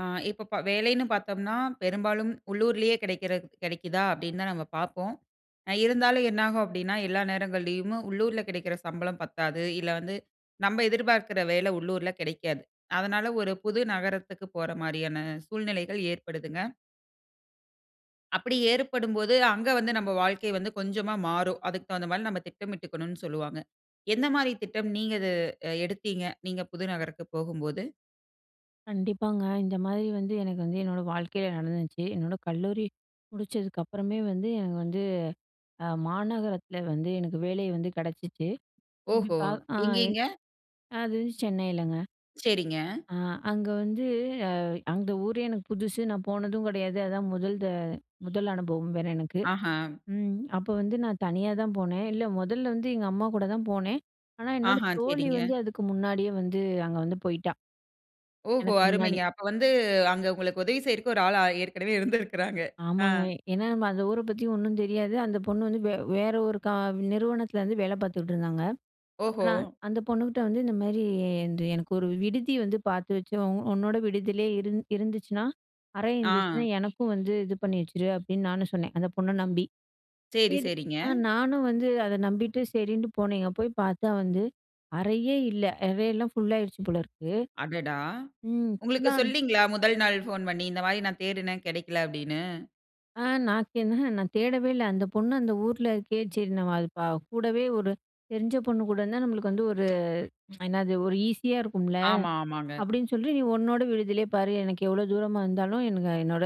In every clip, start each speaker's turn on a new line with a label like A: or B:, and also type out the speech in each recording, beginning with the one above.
A: ஆ, இப்ப ப வேலைன்னு பாத்தோம்ன்னா, பெரும்பாலும் உள்ளூரிலேயே கிடைக்கிற, கிடைக்குதா! அப்டீன்னு தான் நம்ம பாப்போம். அ, இருந்தாலும் என்னாகும் அப்டீன்னா எல்லா நேரங்கள்லயுமே உள்ளூர்ல கிடைக்கிற சம்பளம் பத்தாது. இல்ல, வந்து நம்ப எதிர்பாக்குற வேலை உள்ளூர்ல கிடைக்காது. அதனால ஒரு புது நகரத்துக்கு போற மாரியான சூழ்நிலைகள் ஏற்படுதுங்க. அப்பிடி ஏற்படும்போது, அங்க வந்து நம்ப வாழ்க்கை வந்து கொஞ்சமா மாறும். அதுக்கு தகுந்தமாரி நம்ம திட்டமிட்டுக்கணுன்னு சொல்லுவாங்க. எந்த மாரி திட்டம் நீங்க அத அ எடுத்தீங்க? நீங்க புது நகரத்துக்கு போகும்போது?
B: கண்டிப்பாங்க. இந்தமாரி வந்து எனக்கு வந்து என்னோட வாழ்க்கையில நடந்துச்சு. என்னோட கல்லூரி முடிச்சதுக்கு அப்பறமே வந்து எனக்கு வந்து, அ மாநகரத்தில வந்து எனக்கு வேலை வந்து கிடைச்சிச்சு. அப்படி
A: ஓஹோ!
B: பா ஆ எ
A: எங்கேங்க?
B: அது சென்னையிலங்க.
A: சரிங்க.
B: ஆ, அங்க வந்து அ, அந்த ஊரு எனக்கு புதுசு. நான் போனதும் கிடையாது. அதான் முதல் த முதல் அனுபவம் வேற எனக்கு.
A: ஆஹா!
B: ம், அப்ப வந்து நான் தனியா தான் போனேன். இல்ல, முதல்ல வந்து எங்க அம்மாகூட தான் போனேன். ஆனா, என்னோட
A: ஆஹா!
B: தோழி வந்து
A: சரிங்க.
B: அதுக்கு முன்னாடியே வந்து அங்க வந்து போயிட்டா.
A: ஓஹோ!
B: எனக்கு முன்னாடி.
A: அருமைங்க. அப்ப வந்து அங்க உங்களுக்கு உதவி செய்றதுக்கு ஒரு ஆள் ஏற்கனவே இருந்திருக்கிறாங்க. ஆ.
B: ஆமாங்க. ஏன்னா நம்ம அந்த ஊர பத்தி ஒன்னும் தெரியாது. அந்த பொண்ணு வந்து வ வேற ஒரு க நிறுவனத்துலருந்து வேலை பாத்துட்ருந்தாங்க. அப்ப
A: ஓஹோ!
B: நான் அந்த பொண்ணுகிட்ட வந்து, "இந்தமாரி இந்த எனக்கு ஒரு விடுதி வந்து பாத்து வச்சு, உ உன்னோட விடுதியிலேயே இருந் இருந்துச்சுன்னா அறை இருந்துச்சுனா,
A: ஆ.
B: எனக்கும் வந்து இது பண்ணி வச்சுரு", அப்டீன்னு நானும் சொன்னேன், அந்த பொண்ண நம்பி.
A: சரி,
B: சரி.
A: சரிங்க.
B: அ நானும் வந்து அத நம்பிட்டு சரின்னு போனேங்க. போய் பாத்தா வந்து அறையே இல்ல. அறையெல்லாம் ஃபுல்லாயிடுச்சு போல இருக்கு.
A: அடடா!
B: ம்.
A: உங்களுக்கு
B: ஃபுல்லா.
A: சொல்லலேங்களா? முதல் நாள் ஃபோன் பண்ணி இந்தமாரி நான் தேடினேன் கிடைக்கல. அப்டீன்னு.
B: ஆ. நான் தே நான் தேடவே இல்ல. அந்த பொண்ணு அந்த ஊர்ல இருக்கே சரி. நம்ம அது ப கூடவே ஒரு தெரிஞ்ச பொண்ணு கூட இருந்தா நம்மளுக்கு வந்து ஒரு என்னாது? ஒரு ஈஸியா இருக்கும்ல.
A: ஆமா. ஆமாங்க.
B: அப்படின்னு சொல்லி, நீ உன்னோட விடுதியிலேயே பாரு, எனக்கு எவ்ளோ தூரமா இருந்தாலும் எனக்கு என்னோட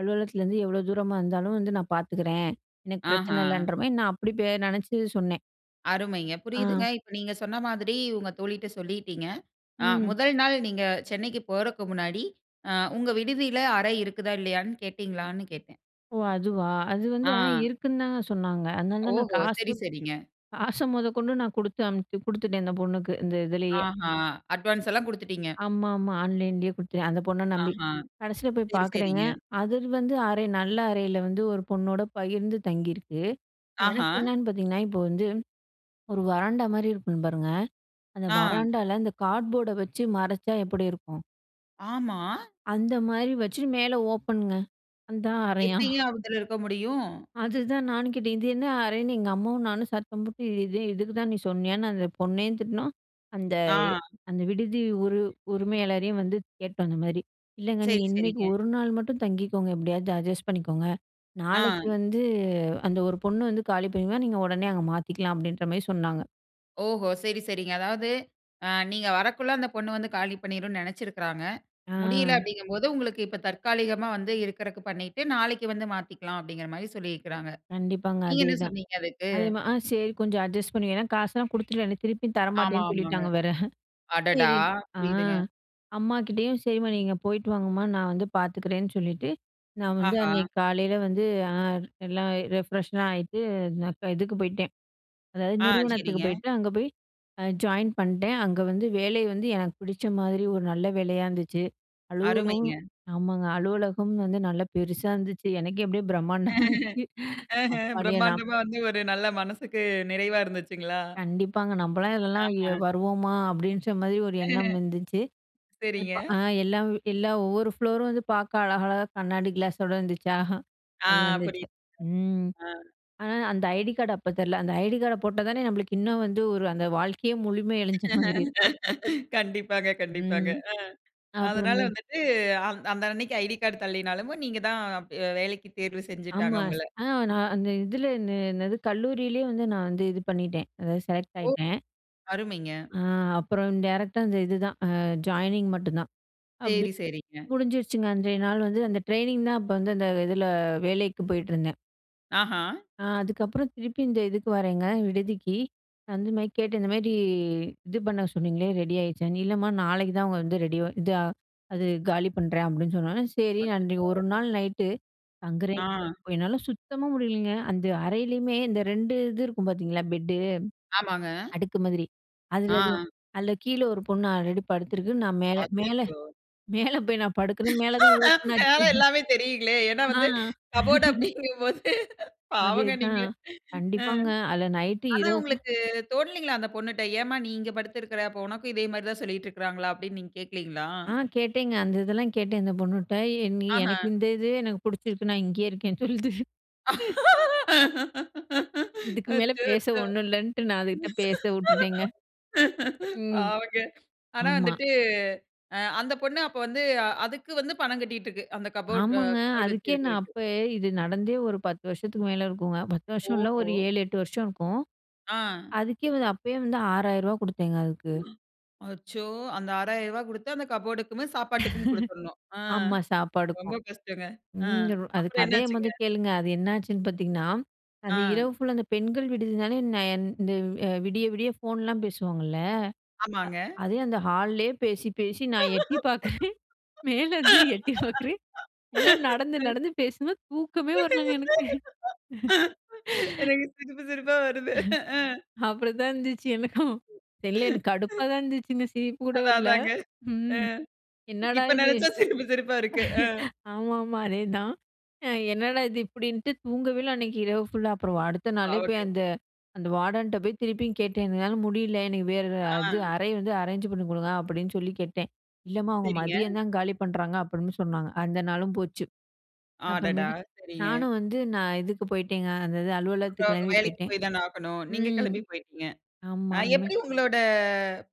B: அலுவலகத்துலருந்து எவ்ளோ தூரமா இருந்தாலும் வந்து நான் பாத்துக்கறேன், எனக்கு பிரச்சன
A: அஹ.
B: இல்லன்ற மாரி, நான் அப்படி பெ நினைச்சி சொன்னேன்.
A: அருமைங்க. புரியுதுங்க.
B: அ.
A: இப்ப நீங்க சொன்ன மாதிரி உங்க தோழிட்ட சொல்லிட்டீங்க. அ
B: ம்.
A: முதல் நாள் நீங்க சென்னைக்கு போறதுக்கு முன்னாடி அ உங்க விடுதியில அறை இருக்குதா? இல்லையான்னு கேட்டீங்களான்னு கேட்டேன்?
B: ஓ! அதுவா, அது வந்து ஆனா
A: ஆ.
B: இருக்குன்னு தாங்க சொன்னாங்க. அதனால தான் நான்
A: ஓஹோ!
B: காசு
A: சரி,
B: த்
A: சரிங்க.
B: காச மொதகொண்டு நான் கொடுத்து அனுப்பிச் கொடுத்துட்டேன் அந்த பொண்ணுக்கு இந்த இதிலேயே.
A: ஆஹ அட்வான்ஸ்ல்லாம் கொடுத்துட்டீங்க.
B: ஆமாமா. ஆன்லைன்லயே குடுத்தேன் அந்த பொண்ண நம்பி.
A: ஆஹ.
B: கடைசில போய்
A: சரி,
B: பாக்குறேங்க,
A: சரிங்க.
B: அது வந்து அறை நல்ல அறையில வந்து ஒரு பொண்ணோட பகிர்ந்து தங்கியிருக்கு.
A: ஆஹ!
B: எனக்கு என்னன்னு பாத்தீங்கன்னா, இப்ப வந்து, ஒரு வராண்டா மாதிரி இருக்கும் பாருங்க, அந்த
A: ஆ.
B: வராண்டால அந்த கார்ட்போர்ட வச்சு மறைச்சா எப்படி இருக்கும்?
A: ஆமா.
B: அந்த மாரி வச்சு, மேல ஓப்பன்ங்க, அதான் அறையாம்.
A: எப்படிங்க அந்த இடத்துல இருக்க முடியும்?
B: அதுதான் நானும் கேட்டேன். இது என்ன அறைன்னு எங்க அம்மாவும் நானும் சத்தம் போட்டு, இது இதுக்கு தான் நீ சொன்னியான்னு அந்த பொண்ணயும் திட்டுனோம்.
A: ஆ.
B: அந்த-அந்த விடுதி உரி உரிமையாளரையும் வந்து கேட்டோம் அந்த மாரி, "இல்லைங்க,
A: சரி,
B: நீங்க இன்னைக்கு
A: சரிங்க.
B: ஒரு நாள் மட்டும் தங்கிக்கோங்க, எப்படியாவது அட்ஜஸ்ட் பண்ணிக்கோங்க. நாளைக்கு
A: ஆ.
B: வந்து, அந்த ஒரு பொண்ண வந்து காலி பண்ணிறுவா, நீங்க உடனே அங்க மாத்திக்கலாம்" அப்படின்ற மாரி சொன்னாங்க.
A: ஓஹோ, சரி, சரிங்க. அதாவது, அ நீங்க வரகுள்ள அந்த பொண்ணு வந்து காலி பண்ணிரும்ணு நெனச்சிருக்கிறாங்க. முடியல
B: ஆ.
A: அப்படிங்கும் போது, உங்களுக்கு இப்ப தற்காலிகமா வந்து இருக்கறதுக்கு பண்ணிட்டு, நாளைக்கு வந்து மாத்திக்கிலாம் அப்படிங்கிற மாரி சொல்லியிருக்கிறாங்க.
B: கண்டிப்பாங்க,
A: நீங்க என்ன
B: அதேதான்.
A: சொன்னீங்க அதுக்கு?
B: அதே மாதிரி, ஆ சேரி, கொஞ்சம் அட்ஜஸ்ட் பண்ணி, ஏன்னா காசெல்லா குடுத்துருவே, திருப்பி தர
A: ஆமா,
B: மாட்டேன்னு
A: ஆமாங்க.
B: சொல்லிட்டாங்க, வேற.
A: அடடா!
B: சரி, ஆ
A: புரியுதுங்க.
B: அம்மாகிட்டேயும், "சரிம்மா, நீங்க போயிட்டு வாங்கம்மா, நா வந்து பார்த்துக்கிறேன்னு சொல்லிட்டு" நா வந்து,
A: ஆஹா.
B: அன்னைக்கு காலையில வந்து, ஆ எல்லா ரெப்ரெஸ்லா ஆகிட்டு, நா இதுக்கு போயிட்டேன். அதாவது,
A: ஆ,
B: நிறுவனத்துக்கு
A: சரிங்க.
B: போயிட்டேன். அங்க போய் ஜாயின் பண்ட்டேன். அங்க வந்து வேலை வந்து எனக்கு பிடிச்ச மாதிரி ஒரு நல்ல வேலையா இருந்துச்சு. அலுவலும்
A: அருமைங்க.
B: ஆமாங்க, அலுவலகம் வந்து நல்லா பெருசா இருந்துச்சு, எனக்கே அப்படியே பிரம்மாண்டமாயிடுச்சு
A: அஹ்ம்,
B: அப்பாடியே நா
A: பிரமாண்டமா வந்து ஒரு நல்ல மனசுக்கு நிறைவா இருந்துச்சுங்களா?
B: கண்டிப்பாங்க, நம்பளா இதுலெல்லாம்
A: ஆஹா.
B: வருவோமா அப்படின்ற மாரி ஒரு எண்ணம் இருந்துச்சு.இப்ப
A: சேரிங்க.
B: எல்லா எல்லா ஒவ்வொரு ப்ளோரும் வந்து பார்க்க அழகழகாக கண்ணாடி கிளாஸோடு இருந்துச்சா,
A: அ,
B: நல்லா இருந்துச்சு.
A: புரியுது.
B: ம்,
A: ஆ.
B: ஆனா அந்த ஐடி கார்டு அப்ப தரல, அந்த ஐடி கார்டை போட்டா தானே நம்மளுக்கு இன்னு வந்து, ஒரு அந்த வாழ்க்கையே முழுமை அடைஞ்ச மாதிரி இருக்கும்.
A: கண்டிப்பாங்க, கண்டிப்பாங்க
B: ம்.
A: ம், அ அதனால
B: அப்புறமேட்டு.
A: வந்துட்டு, அந்த அன்னைக்கு ஐடி கார்ட் தள்ளினாலும், நீங்க தான் வேலைக்கு தேர்வு செஞ்சுட்டாங்க
B: ஆமா.
A: உங்கள.
B: அ நா அந்த இதில என்ன என்னது கல்லூரியிலே வந்து நா வந்து இது பண்ணிட்டேன். அதாவது செலக்ட்
A: ஓ!
B: ஆயிட்டேன்.
A: அருமைங்க.
B: ஆ, அப்புறம் டைரக்ட்டா அந்த இதுதா. ஆ ஜாயினிங் மட்டும்தான் அப்படி
A: சேரி, சேரிங்க.
B: முடிஞ்சிருச்சுங்க. அன்றைய நாள் வந்து அந்த ட்ரெய்னிங் தா, அப்ப வந்து அந்த இதுல வேலைக்கு போயிட்டுருந்தேன்.
A: அஹ.
B: அ அதுக்கப்புறம் திருப்பி இந்த இதுக்கு வர்றேங்க, விடுதிக்கு. அந்த மாரி கேட்டு, இந்த மாரி, இது பண்ண சொன்னீங்ளே, ரெடி ஆயிடுச்சான்னு. இல்லம்மா நாளைக்கு தான் அவங்க வந்து ரெடி இத அது காலி பண்றேன், அப்டின்னு சொன்னோனே சேரி நான் அன்னைக்கி
A: அச்சச்சோ!
B: ஒரு நாள் நைட்டு தங்குறேன்
A: அ.
B: [unintelligible] என்னால சுத்தமா முடியலைங்க. அந்த அறையிலயுமே இந்த 2 இது இருக்கும் பார்த்தீங்களா? 'பெட்டு'
A: ஆமாங்க.
B: அடுக்கு மாதிரி. அதுல தான்.
A: அ.
B: அதுல கீழ ஒரு பொண்ணு ஆல்ரெடி படுத்துருக்கு. நான் மேல மேல
A: அச்சச்சோ!
B: மேல போய் நான் படுக்றேன், மேல தான் ஓப்பன்
A: அதனால
B: ஆச்சு.
A: எல்லாமே தெரியுங்களே! ஏன்னா
B: அ
A: வந்து கபோர்ட் அப்டிங்கும் போது, பாவங்க நீங்க!
B: அதேதான்.
A: அ
B: கண்டிப்பாங்க அதுல நைட்டு,
A: ஆனா
B: இரவு
A: உங்களுக்கு தோனலைங்களா? அந்த பொண்ணுட்ட, "ஏம்மா நீ இங்கே படுத்திருக்க? அப்ப உனக்கும் இதே மாரி தான் சொல்லிட்டு இருக்காங்களா?" அப்டின்னு நீங்க கேக்லைங்களா?
B: அ கேட்டேங்க, அந்த இதெல்லாம் கேட்டேன் இந்த பொண்ணுட்ட. என்னி எனக்கு
A: அஹ.
B: இந்த இதே எனக்கு பிடிச்சிருக்கு. நான் இங்கேயே இருக்கேன்னு சொல்லுது. இதுக்கு மேல
A: அச்சச்சோ!
B: பேச ஒண்ணும் இல்லன்ட்டு நான் அதுகிட்ட பேச வுட்டுட்டேங்க. ம்,
A: பாவங்க. ஆனா
B: ஆமா.
A: வந்துட்டு அ அந்த பொண்ணு அப்ப வந்து அ அதுக்கு வந்து பணம் கட்டிட்டு இருக்கு. அந்த கபோர்ட்
B: ஆமாங்க,
A: கபோர்ட்
B: அதுக்கே நான்
A: வச்சுருக்கறக்கு.
B: அப்ப இது நடந்தே ஒரு 10 வருஷத்துக்கு மேல இருக்குங்க! 10 வருஷம் இல்ல.
A: ஓஹோ!
B: ஒரு 7,8 வருஷம் இருக்கும்.
A: அ.
B: அதுக்கே வந்து அப்பயே வந்து ரூ.6000 ரூவா கொடுத்தேங்க அதுக்கு.
A: அ அச்சோ! அந்த ரூ.6000 ரூபா குடுத்து அந்த கபோர்ட்க்குமே சாப்பாட்டுக்கும் குடுத்துரனும். அ.
B: ஆமா,
A: ரொம்ப
B: சாப்பாடுக்கும்.
A: கஷ்டங்க! அ.
B: ம் அது
A: அப்புறம் என்ன
B: கதைய மொத
A: ஆச்சுங்க?
B: கேளுங்க. அது என்னாச்சுன்னு பார்த்தீங்கன்னா? அது
A: அ.
B: இரவு ஃபுல்லா அந்த பெண்கள் விடுதினாலே நான் இந்த அ விடிய விடிய ஃபோன்லாம் பேசுவாங்கல்ல,
A: ஆமாங்க.
B: அ அதே அந்த ஹால்லேயே பேசி, பேசி நான் எட்டி பார்க்குறேன், மேலருந்து எட்டி பார்க்குறேன், எல்லாம் நடந்து, நடந்து பேசுதுங்க, தூக்கமே வரலங்க எனக்கு.
A: எனக்கு சிரிப்பு சிரிப்பா வருது. அ
B: அப்டிதான் இருந்துச்சு எனக்கும். தெரில எனக்கு கடுப்பா தான் இருந்துச்சுங்க. சிரிப்பு கூட
A: அதான்
B: வரல.
A: அதாங்க, அ
B: ம். என்னடா
A: இப்ப
B: இது?
A: நெனச்சா சிரிப்பு, சிரிப்பா இருக்கு. அ.
B: ஆமாமா அதேதான். என்னடா இது? இப்படின்ட்டு தூங்கவே இல்ல அன்னைக்கு இரவு ஃபுல்லா. அப்புறம் அடுத்த நாளே போய்
A: பாவங்க.
B: அந்த, அந்த வார்டன்ட்ட போய் திருப்பியும் கேட்டேன். "என்னால முடியல எனக்கு வேற அது
A: அ.
B: அறை வந்து அரேஞ்ச் பண்ணி குடுங்க" அப்டின்னு சொல்லி கேட்டேன். "இல்லம்மா அவங்க
A: சரிங்க.
B: மதியம் தான் காலி பண்றாங்க" அப்டின்னு சொன்னாங்க. அந்த நாளும் போச்சு.
A: அடடா!
B: அப்புறமேட்டு
A: சரிங்க.
B: நானும் வந்து நான் இதுக்கு போய்ட்டேங்க. அந்த இது
A: அப்புறம்
B: அலுவலகத்துக்கு
A: அவுங்க
B: கெளம்பி
A: வேலைக்கு
B: போய்ட்டேன்.
A: போய் தான ஆகனும். நீங்க
B: ம்.
A: கெளம்பி போய்ட்டீங்க!
B: ஆமா
A: அ
B: இனிமே
A: எப்டி உங்களோட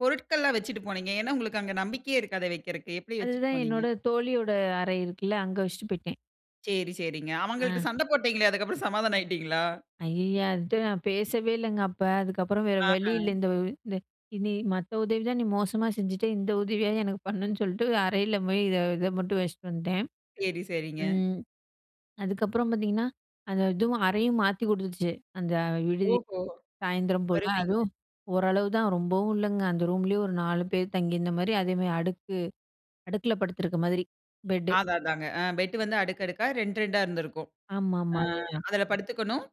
A: பொருட்கள்லாம் வச்சிட்டு போனீங்க? ஏன்னா உங்களுக்கு அங்க நம்பிக்கையே இருக்காதே வக்கிறதுக்கு, எப்டி வச்சிட்டு
B: அதுதான்
A: போனீங்க?
B: என்னோட தோழியோட அறை இருக்குல்ல, அங்க வச்சுட்டு போயிட்டேன்.
A: சேரி, சேரிங்க. அவங்கள்ட்ட
B: அ.
A: சண்டை போட்டீங்களே, அதுக்கு அப்புறம் சமாதானம் ஆயிட்டீங்களா?
B: ஐய்யய அதுட்ட நான் பேசவே இல்லங்க அப்ப. அதுக்கப்புறம் வேற வழியில்ல.
A: ஆஹ.
B: இந்த இந்த "இனி மத்த உதவி தான் நீ மோசமா செஞ்சுட்ட. இந்த உதவியாது எனக்கு பண்ணுன்னு" சொல்ட்டு அறையில போய் இத இத மட்டும் வச்சுட்டு வந்துட்டேன்.
A: சரி, சரிங்க.
B: ம். அதுக்கப்புறம் பார்த்தீங்கன்னா, அந்த இதுவும் அறையும் மாத்தி கொடுத்துச்சு. அந்த விடுதி
A: ஓஹோ!
B: சாயந்தரம் போல,
A: வருவீங்க.
B: அதுவும் ஓரளவு தான் ரொம்பவும் இல்லங்க. அந்த ரூம்லயே ஒரு 4 பேர் தங்கியிருந்த மாரி, அதே மாரி அடுக்கு அடுக்குல படுத்துருக்க மாதிரி. பெட்டு.
A: அதான் அதாங்க. அ, பெட் வந்து அடுக்கடுக்கா ரெண்டு ரெண்டா இருந்திருக்கும். அ
B: ஆமாமா. அதேதான்.
A: அதில படுத்துக்கணும்.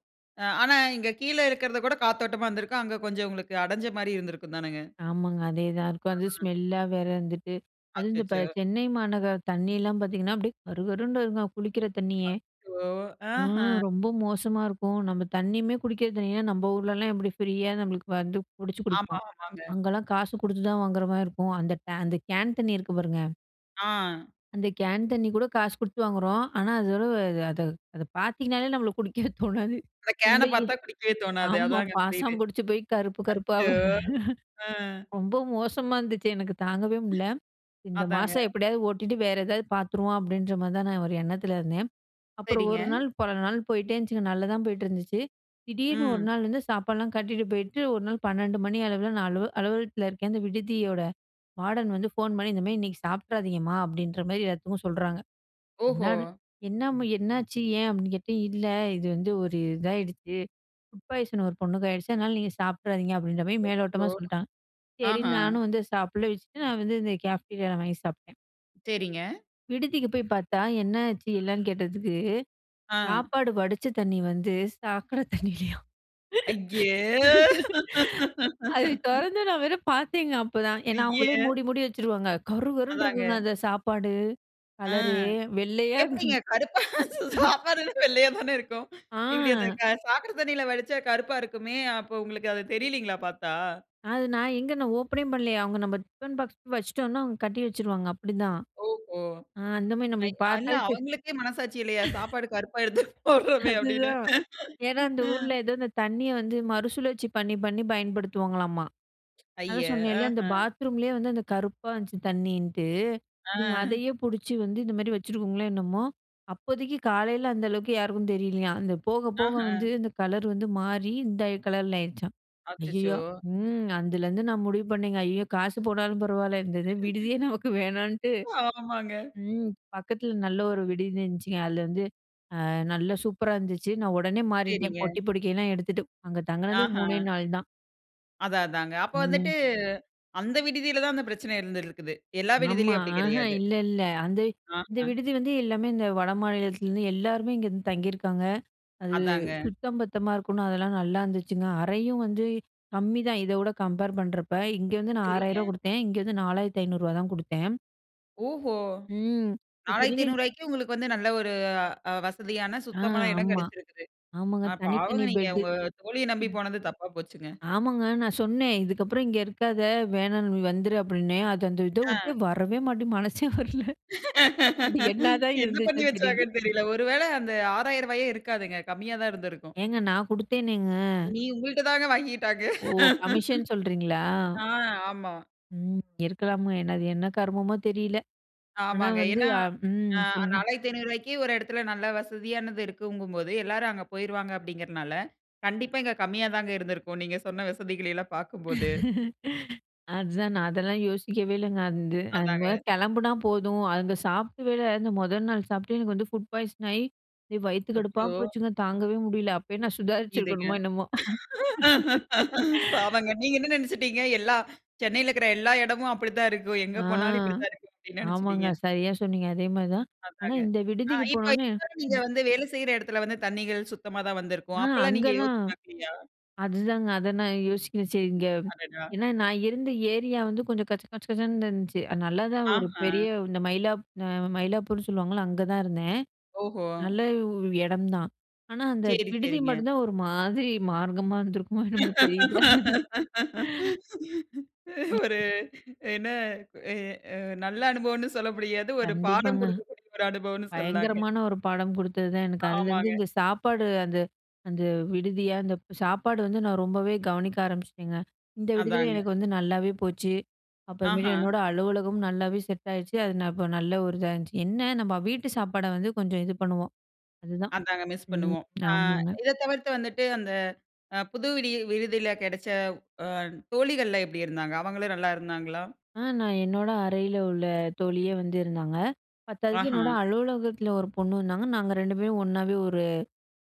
A: அ ஆனா இங்கே கீழ இருக்கறது கூட காத்தோட்டமா இருந்திருக்கும். அங்கே கொஞ்சம் உங்களுக்கு அடஞ்ச மாதிரி இருந்திருக்கும் தானேங்க?
B: ஆமாங்க. அதே தான் இருக்கும். அது
A: [unintelligible]
B: ஸ்மெல்லா வேற இருந்துட்டு, அதுவும் இந்த
A: அச்சச்சோ!
B: சென்னை மாநகர தண்ணியலாம் பார்த்தீங்கன்னா, அப்டியே கருகருன்னு வருங்க குளிக்கிற தண்ணியே.
A: அச்சோ! அஹ.
B: ம் ரொம்ப மோசமா இருக்கும். நம்ம தண்ணியுமே குடிக்கிற தண்ணின்னா, நம்ப ஊர்லலாம் எப்படி ஃப்ரியா நம்மளுக்கு வந்து புடிச்சு
A: ஆமா,
B: குடிப்போம்.
A: ஆமாங்க.
B: அங்கலாம் காசு கொடுத்து தான் வாங்குற மாதிரி இருக்கும். அந்த டே அந்த கேன் தண்ணி இருக்கு பாருங்க.
A: ஆ.
B: அந்த கேன் தண்ணி கூட காசு கொடுத்து வாங்குறோம். ஆனா அதோட அத அத பார்த்தீங்கனாலே நம்மள குடிக்கவே தோணாது.
A: அந்த கேன
B: உள்ளயே
A: பார்த்தா குடிக்கவே தோணாது.
B: ஆமா
A: அதுதாங்க புரியுது.
B: பாசம் புடிச்சு போய், கருப்பு கருப்பா
A: அச்சோ! ம்.
B: ரொம்ப மோசமா இருந்துச்சு. எனக்கு தாங்கவே முடியல. "இந்த
A: அதாங்க.
B: மாசம் எப்படியாவது ஓட்டிட்டு வேற ஏதாவது பார்த்துருவோம்" அப்படின்ற மாதிரி தான் நான் ஒரு எண்ணத்தில இருந்தேன். அப்புறம்
A: சரிங்க.
B: ஒரு நாள் பல நாள் போயிட்டே இருந்துச்சுங்க. நல்லா தான் போயிட்டுருந்துச்சு. திடீர்னு ஒரு
A: ம்.
B: நாள் வந்து சாப்பாடுலாம் கட்டிட்டு போயிட்டு, ஒரு நாள் 12:00 மணி அளவில நான் அல அலுவலகத்தில இருக்கேன். அந்த விடுதியோட வார்டன் வந்து ஃபோன் பண்ணி "இந்த மாதிரி இன்னைக்கு சாப்பிட்றாதீங்கம்மா" அப்படின்ற மாதிரி எல்லாத்துக்கும் சொல்றாங்க.
A: ஓஹோ!
B: என்னாது "என்னம்மா என்னாச்சு ஏன்? அப்டின்னு கேட்டேன். "இல்ல இது வந்து ஒரு இதாகிடுச்சு ஃபுட் பாய்சன் ஒரு பொண்ணுக்கு ஆயிடுச்சு. அதனால நீங்க சாப்ட்றாதீங்க" அப்படின்ற மாதிரி
A: அச்சோ!
B: மேலோட்டமா சொல்லிட்டாங்க.
A: அஹ.
B: சரின்னு நானும் வந்து சாப்பிடல வச்சுட்டு, நான் வந்து இந்த கேப்டீரியால வாங்கி சாப்பிட்டேன்.
A: சரிங்க.
B: விடுதிக்கு போய் பார்த்தா என்ன ஆச்சு என்னன்னு கேட்டதுக்கு,
A: ஆ.
B: சாப்பாடு வடிச்ச தண்ணி வந்து சாக்கடை தண்ணியிலையாம்.
A: ஐய!
B: அது தொறந்து நான் வேற பார்த்தேங்க அப்போதான். ஏனா அவங்களே
A: ஐய!
B: மூடி மூடி வச்சுருவாங்க. கருகருன்னு
A: அதாங்க.
B: இருக்குங்க அந்த சாப்பாடு
A: அ,
B: கலரே. வெள்ளையா இருக்
A: எப்டிங்க கருப்பா? சாப்பாடு வெள்ளையா தானே இருக்கும். இப்டி அந்த
B: ஆ.
A: சாக்கட தண்ணீல வடிச்சா கருப்பா இருக்குமே அப்போ உங்களுக்கு அது தெரியலைங்களா பார்த்தா?
B: அது நான் எங்க நான் ஓப்பனே பண்ணலையே, அவங்க நம்ம டிஃபன் பாக்ஸ் வச்சுட்டோம்னா அவங்க கட்டி வச்சுருவாங்க. அப்டிதான்.
A: ஓஹோ!
B: ஆ அந்த மாரி
A: [unintelligible]
B: நம்மளுக்கு
A: அல்ல
B: பார்த்தாலே தெரி
A: அவங்களுக்கே மனசாட்சி இல்லையா? சாப்பாடு கருப்பா எடுத்து போடுறோமே அப்டின்னு?
B: அதுதான் ஏனா, "அந்த
A: அ
B: ஊர்ல ஏதோ அந்த தண்ணிய வந்து மறுசுழற்சி பண்ணி, பண்ணி பயன்படுத்துவாங்களாமா."
A: ஐய,
B: அதான் சொன்னேல, அந்த
A: ஆஹ.
B: பாத்ரூம்லேயே வந்து அந்த கருப்பா வந்துச்சு தண்ணிண்ணுட்டு.
A: ஆ.
B: இதுங்க அதையே புடிச்சு வந்து இந்த மாரி வச்சுருக்குங்காங்களோ என்னமோ? "அப்போதைக்கு காலையில அந்த அளவுக்கு யாருக்கும் தெரியலையாம். அந்த போக, போக வந்து,
A: ஆஹ.
B: இந்த கலர் வந்து மாறி இந்த கலர்ல ஆயிருச்சாம்."
A: அச்சச்சோ!
B: ஐயயோ! ம். அதுலருந்து நான் முடிவு பண்ணேங்க. ஐய்யயோ! காசு போனாலும் பரவால இந்த இது விடுதியே நமக்கு வேணாட்டு
A: ஆமாங்க.
B: ம். பக்கத்துல நல்ல ஒரு விடுதி இருந்துச்சுங்க. அதில வந்து அ நல்லா சூப்பரா இருந்துச்சு. நான் உடனே மாறிட்டேன்
A: சரிங்க.
B: பொட்டி பொடிக்கைலாம் எடுத்துட்டு அங்க தங்குனது 3
A: ஆஹா.
B: நாள் தான்.
A: அதான் அதான்ங்க. அப்போ
B: ம்.
A: வந்துட்டு, அந்த விடுதியில தான் அந்த பிரச்சனை இருந்துருக்குது. எல்லா
B: ஆமா.
A: விடுதிலயும் அப்டி
B: ஆஹ!
A: கிடையாது.
B: இல்ல இல்ல அந்த இந்த
A: ஆஹ.
B: விடுதி வந்து எல்லாமே இந்த வடமாநிலத்திலருந்து எல்லாருமே இங்கருந்து தங்கிருக்காங்க. அது
A: அதாங்க.
B: சுத்தம் பத்தமா இருக்குன்னு அதெல்லாம் நல்லாருந்துச்சுங்க. அறையும் வந்து கம்மிதான் இதவுட கம்பேர் பண்றப்ப. இங்க வந்து நான் ரூ. 6000
A: சரிங்க.
B: ரூவா குடுத்தேன். இங்க வந்து ரூ. 4500 ரூவா தான் குடுத்தேன்.
A: ஓஹோ!
B: ம்.
A: நாலாயிரத்தி
B: இத்தனைக்கு
A: ஐநூறு ரூவாய்க்கே உங்களுக்கு வந்து, நல்ல ஒரு அ வசதியான,
B: ஆ
A: சுத்தமான எடம்
B: ஆமா.
A: கெடைச்சிருக்குது.
B: ஆமாங்க,
A: அ
B: தனி
A: பாவங்க
B: தனி
A: நீங்க
B: பெட்டு.
A: உங்க தோழிய நம்பி
B: ம்.
A: போனது தப்பா போச்சுங்க.
B: ஆமாங்க! நான் சொன்னேன் "இதுக்கப்புறம் இங்க இருக்காத, வேணாம் நீ வந்துரு" அப்புடின்னேன். அது அந்த இத உட்டே
A: அ.
B: வரவே மாட்டே மனசே வரல அப்டி என்னாதான்
A: என்ன பண்ணி
B: இருந்துச்சுன்னு தெரியல.
A: வச்சாங்கன்னு தெரியல. ஒரு வேளை அந்த ரூ. 6000 ரூவாயே இருக்காதுங்க கம்மியா தான் இருந்திருக்கும்!
B: ஏங்க நான் குடுத்தேனேங்க!
A: நீ உங்கள்ட்ட தாங்க வாங்கிக்கிட்டாங்க.
B: ஓ! கமிஷன் சொல்றீங்களா?
A: ஆ ஆமா.
B: ம் இருக்கலாமோ என்ன அது என்ன கருமமோ தெரியல. ஆனா
A: ஆமாங்க
B: வந்து
A: ஏன்னா
B: அ
A: அ
B: ம், சொல்லுங்க.
A: ரூ. 4500 ரூவாய்க்கே ஒரு எடத்துல நல்ல வசதியானது இருக்குங்கும்போது எல்லாரும் அங்க போயிருவாங்க அப்படிங்கிறனால, கண்டிப்பா இங்க கம்மியா தாங்க இருந்திருக்கும், நீங்க சொன்ன வசதிகளயெல்லாம் பாக்கும்போது.
B: அதுதான் நான் அதெல்லாம் யோசிக்கவே இல்லைங்க. அந்து அந்த மாரி
A: அதாங்க.
B: கெளம்புனா போதும், அங்க சாப்டவே இல்ல. அந்த மொதல் நாள் சாப்ட்டே எனக்கு வந்து ஃபுட் பாய்சன் ஆயி, எ வயித்து கடுப்பா
A: அச்சோ!
B: போச்சுங்க, தாங்கவே முடியல. அப்பயே நான்
A: இதுங்க
B: சுதாரிச்சிருக்கணுமோ என்னமோ.
A: பாவங்க நீங்க என்ன நினச்சுட்டீங்க? எல்லா "சென்னையிலக்கிற எல்லா எடமும் அப்புடித்தான் இருக்கும். எங்க
B: ஆ,
A: போனாலும் இப்பிடி தான் இருக்கும்" அப்டி
B: ஆமாங்க,
A: நெனச்சுட்டீங்க.
B: சரியா சொன்னீங்க. அதே மாதிரி தான். ஆனா
A: அதாங்க.
B: இந்த
A: ஆ
B: விடுதிக்கு
A: இப்போ
B: போனோனே
A: இதுவர நீங்க
B: ம்.
A: வந்து வேலை செய்ற எடத்துல வந்து, தண்ணீகள் சுத்தமா தான் வந்திருக்கும்.
B: ஆ
A: அப்பலாம் நீங்க
B: அங்கெல்லாம்
A: யோசிச்சு பாக்கலையா?
B: அதுதாங்க அதை நான் யோசிக்கல. சரி இங்க
A: அடடா.
B: ஏன்னா நான் இருந்த ஏரியா வந்து கொஞ்சம் கச்ச கச்ச கச்சன்னு இருந்துச்சு. அது நல்லாதான் ஒரு பெரிய
A: ஆஹ.
B: இந்த மயிலாப் அ மயிலாப்பூர்ன்னு சொல்லுவாங்கல்ல அங்க தான் இருந்தேன்.
A: ஓஹோ.
B: நல்ல உ எடம் தான். ஆனா அந்த
A: செரி,
B: விடுதி
A: செரிங்க.
B: மட்டுந்தான் ஒரு மாதிரி மார்க்கமா இருந்திருக்குமோ என்னமோ தெரியல.
A: ஒரு
B: ம்.
A: என்ன எ அ நல்ல அனுபவம்ன்னு சொல்ல முடியாது. ஒரு பாடம்
B: கண்டிப்பாங்க.
A: கொடுக்கக்கூடிய ஒரு அனுபவம்ன்னு சொல்லலாங்க.
B: பயங்கரமான ஒரு பாடம் குடுத்தது தான் எனக்கு. அதிலருந்து
A: ஆமாங்க.
B: இந்த சாப்பாடு அந்த அந்த விடுதிய அந்தப் சாப்பாடு வந்து நான் ரொம்பவே கவனிக்க ஆரம்பிச்ட்டேங்க. இந்த விடுதில
A: அதாங்க.
B: எனக்கு வந்து நல்லாவே போச்சு. அப்புறமேல்
A: ஆஹா.
B: என்னோட அலுவலகமும் நல்லாவே செட் ஆயிருச்சு. அது நான் இப்ப நல்ல ஒரு இதா இருந்துச்சு. என்ன நம்ப வீட்டு சாப்பாட வந்து கொஞ்சம் இது பண்ணுவோம். அதுதான்
A: அதாங்க மிஸ்
B: ம்
A: பண்ணுவோம். அ
B: ஆமாங்க.
A: இதை தவிர்த்து வந்துட்டு அந்த அ புது விடி விடுதில கெடச்ச அ தோழிகள்லாம் எப்டி இருந்தாங்க? அவங்களும் நல்லா இருந்தாங்களா?
B: ஆ நான் என்னோட அறைல உள்ள தோழியே வந்து இருந்தாங்க. பத்தாததுக்கு
A: ஆஹா.
B: என்னோட அலுவலகத்துல ஒரு பொண்ணு வந்தாங்க. நாங்க ரெண்டு பேரும் ஒண்ணாவே ஒரு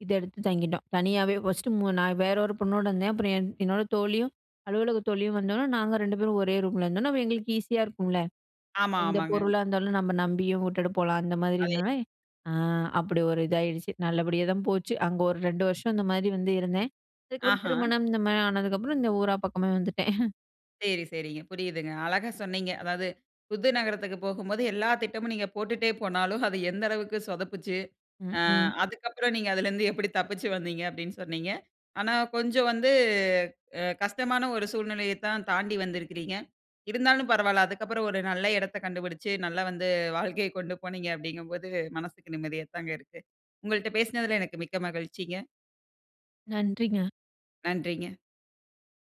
B: இத எடுத்து தங்கிட்டோம். தனியாவே ஃபர்ஸ்ட்டு மு நான் வேற ஒரு பொண்ணோடருந்தேன். அப்புறம் என் என்னோட தோழியும், அலுவலகத் தோழியும் வந்தோன நாங்க ரெண்டு பேரும் ஒரே ரூம்ல இருந்தோன்ன, அப்ப எங்களுக்கு ஈஸியா இருக்கும்ல.
A: ஆமா
B: எந்த
A: ஆமாங்க.
B: பொருளா இருந்தாலும், நம்ம நம்பியும் உட்டுட்டு போலாம் அந்த
A: அதே.
B: மாதிரினொன்னே அ அப்படி ஒரு இதாயிடுச்சு. நல்லபடியா தான் போச்சு. அங்க ஒரு 2 வருஷம் இந்த மாதி வந்து இருந்தேன். அதுக்கப்புறம்
A: ஆஹா.
B: திருமணம், இந்த மாரி ஆனதுக்கப்புறம் இந்த ஊரா பக்கமே வந்துட்டேன்.
A: செரி சரிங்க புரியுதுங்க. அழகா சொன்னீங்க. அதாவது, புது நகரத்துக்கு போகும்போது எல்லா திட்டமும் நீங்க போட்டுட்டே போனாலும், அது எந்த அளவுக்கு சொதப்பிச்சு.
B: ம்,
A: அ
B: ம்.
A: அதுக்கப்புறம் நீங்க அதிலருந்து எப்படி தப்பித்து வந்தீங்க? அப்டின்னு சொன்னீங்க. ஆனா கொஞ்சம் வந்து அ கஷ்டமான ஒரு சூழ்நிலையத் தான் தாண்டி வந்திருக்கிறீங்க. இருந்தாலும் பரவால்ல அதுக்கப்புறம் ஒரு நல்ல இடத்த கண்டுபிடிச்சு நல்லா வந்து வாழ்க்கைய கொண்டு போனீங்க, அப்படிங்கும்போது மனசுக்கு நிம்மதியா தாங்க இருக்கு. உங்கள்ட்ட பேசினதுல எனக்கு மிக்க மகிழ்ச்சிங்க.
B: நன்றிங்க.
A: நன்றிங்க.